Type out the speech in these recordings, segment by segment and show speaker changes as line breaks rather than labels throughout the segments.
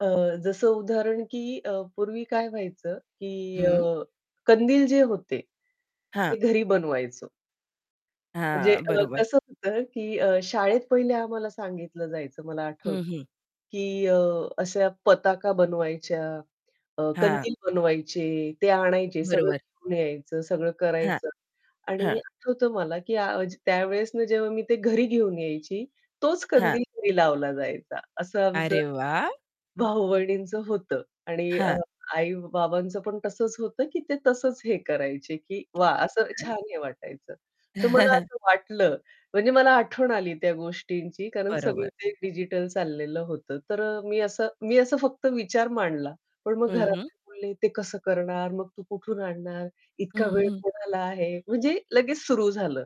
अ, जसं उदाहरण की अ, पूर्वी काय व्हायचं की
हं.
अ, कंदील जे होते,
हां.
ते घरी बनवायचो. म्हणजे
हां,
अ,
बरोबर.
कसं होतं की अ, शाळेत पहिले आम्हाला सांगितलं जायचं मला आठवतं
हं, हं.
की अ, अशा पताका बनवायच्या, अ,
हां.
कंदील बनवायचे, ते आणायचे सगळं
बरोबर.
घेऊन यायचं, सगळं
हां.
करायचं आणि
हां.
आठवतं मला की त्यावेळेसनं जेव्हा मी ते घरी घेऊन यायची, तोच
हां.
कंदील घरी लावला जायचा. असं आमचं
अरे वाह!
भाऊ-बहिणींचं होतं आणि अ,
हां.
आई-बाबांचं पण तसंच होतं, की ते तसंच हे करायचे, की वाह! असं
[unintelligible]
छान हे वाटायचं. तर मला असं वाटलं, म्हणजे मला आठवण आली त्या गोष्टींची. कारण सगळं
बरोबर.
ते डिजिटल चाललेलं होतं. तर अ, मी असं मी असं फक्त विचार मांडला पण मग
हं, हं.
घरातले बोलले, "ते कसं करणार? मग तू कुठून आणणार? इतका
हं,
वेळ
हं.
कोणाला आहे?" म्हणजे लगेच सुरु झालं.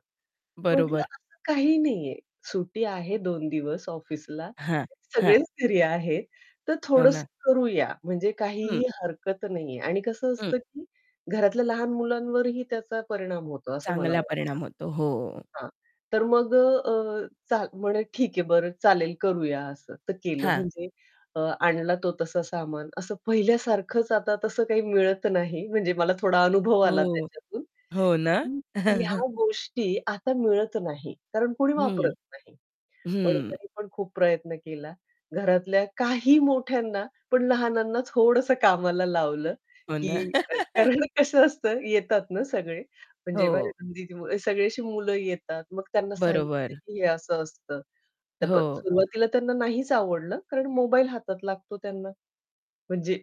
म्हटलं
बरोबर.
असं काही नाहीये, सुट्टी आहे 2 दिवस ऑफिसला,
हां, हां.
सगळेच फ्री आहेत तर
हो ना.
थोडंसं करूया म्हणजे
हं.
काहीही हरकत नाहीये आणि कसं
हं.
असतं की घरातल्या लहान मुलांवरही त्याचा परिणाम होतो असं मला
चांगला
वाटतं.
परिणाम होतो. हो.
हां. तर मग अ, अ, चा म्हणे, "ठीक आहे, बरं चालेल करूया," असं. तर केलं
हां.
म्हणजे अ, आणला तो तसा सामान असं पहिल्यासारखच आता तसं काही मिळत नाही म्हणजे मला थोडा अनुभव आला
हो.
त्याच्यातून
हो ना?
हं, ह्या गोष्टी आता मिळत नाही कारण कोणी
हं.
वापरत नाही. पण
हं.
तरी पण खूप प्रयत्न केला. घरातल्या काही मोठ्यांना, पण लहानांना थोडसं कामाला लावलं
हो ना.
की कारण कसं असतं येतात ना सगळे म्हणजे
हो.
[unintelligible] जेव्हा सगळे असं मुलं येतात मग त्यांना सांगितलं
बरोबर.
की हे असं असतं. तर
हो.
सुरुवातीला त्यांना नाहीच आवडलं कारण मोबाईल हातात लागतो त्यांना, म्हणजे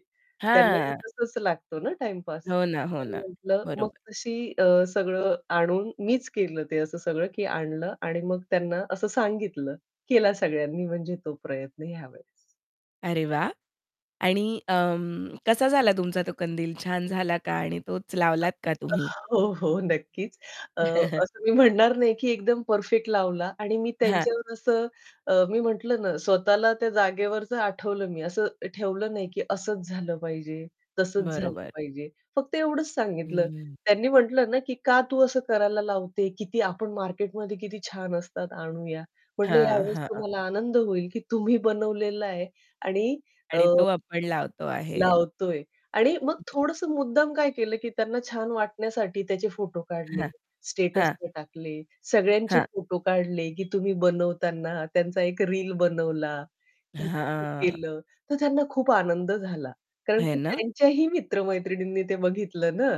त्यांनाही
हां.
तसच लागतो ना टाईमपास
हो ना, हो
तर मी
ना,
म्हटलं, मग
बरोबर.
तशी अ, सगळं आणून मीच केलं ते असं सगळं की आणलं आणि मग त्यांना असं सांगितलं केला सगळ्यांनी म्हणजे तो प्रयत्न ह्या वेळेस.
अरे वाह! आणि अं, कसा झाला तुमचा तो कंदील छान झाला का? आणि तोच लावलात का तुम्ही?
हो, हो नक्कीच. अ, असं मी म्हणणार नाही की एकदम परफेक्ट लावला आणि मी
हां.
त्यांच्यावर असं अ, मी म्हटलं ना, स्वतःला त्या जागेवरच आठवलं मी असं ठेवलं नाही की असच झालं पाहिजे, तसच झालं
बरोबर.
पाहिजे. फक्त एवढंच सांगितलं
हं.
त्यांनी म्हटलं ना की "का तू असं करायला लावते? किती आपण मार्केटमध्ये किती छान असतात, आणूया." म्हटलं, "या
हां,
वेळेस
हां.
तुम्हाला आनंद होईल, की तुम्ही बनवलेलं आहे आणि अ,
आणि तो
[unintelligible]
आपण लावतो आहे.
लावतोय." आणि मग थोडसं मुद्दाम काय केलं, की त्यांना छान वाटण्यासाठी त्याचे फोटो काढले,
हां. हां.
स्टेटसला टाकले, सगळ्यांचे
हां.
फोटो काढले, की तुम्ही बनवताना त्यांचा एक रील बनवला, की कसं
हां.
केलं तर त्यांना खूप आनंद झाला. कारण
है
की
ना?
त्यांच्याही मित्र-मैत्रिणींनी ते बघितलं ना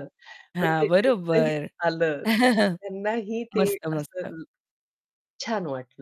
हां,
म्हणजे त्याचंही
बरोबर.
आलं तर त्यांनाही ते
मस्त, मस्त.
असं छान वाटलं.